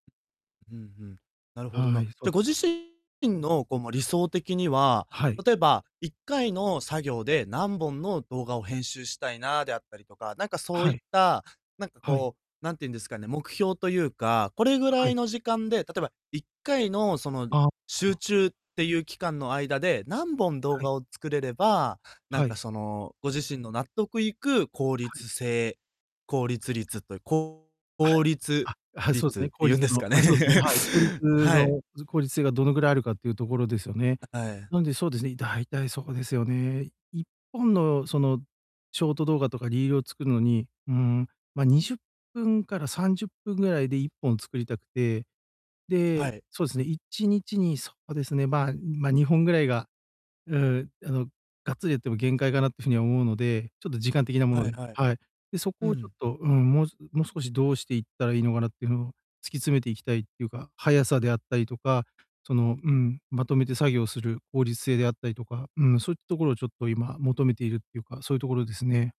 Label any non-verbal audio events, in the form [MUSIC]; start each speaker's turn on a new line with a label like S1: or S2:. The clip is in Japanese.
S1: うん、ふん。なるほど
S2: は
S1: な。
S2: い、そ
S1: じ
S2: う
S1: ゃ、ご
S2: す
S1: 自
S2: ね。
S1: 身のこう、ま、理想的には、
S2: はい。
S1: 例えば、1回の作業で何本の動画を編集したいなであったりとか、なんかそう
S2: は
S1: いっ
S2: い。
S1: た、なんか
S2: はい。
S1: こう、なんていうんですかね、目標というかこれぐら
S2: は
S1: い
S2: い。
S1: の時間で、例えば1回のその
S2: ああ、
S1: 集
S2: あ。
S1: 中っていう期間の間で、何本動
S2: はい。
S1: 画を作れれば、なん
S2: は
S1: か
S2: い。
S1: その、ご自身の納得いく効
S2: はい。
S1: 率性、効率率という効
S2: はい。
S1: 率
S2: あ、はい、そうす
S1: 率っ
S2: ね、
S1: て
S2: 効
S1: 言う
S2: 率
S1: んです
S2: の
S1: かね。
S2: あ、そうですね、はい。効率
S1: [LAUGHS] はい。
S2: のず効率性がどのくらいあるかっていう所ですよね？
S1: あ、はい。
S2: なんで、そうですね、大体そうですよね。1本のそのショート動画とかリールを作るのに、うん、ま、20分から30分ぐらいで1本作りたくて。
S1: は
S2: で、
S1: い。
S2: そうですね、1日にそうですね、まま、2本ぐらいが、うん、あの、がっつりやっても限界かなっていう風には思うので、ちょっと時間的なもの
S1: はい
S2: で
S1: はい。
S2: はい。で、そ
S1: う
S2: こをちょっ
S1: ん。
S2: と、うん、もうもう少しどうしていったらいいのかなっていうのを突き詰めていきたいっていうか、速さであったりとか、その、うん、まとめて作業する効率性であったりとか、うん、そういった所をちょっと今求めているっていうか、そういう所ですね。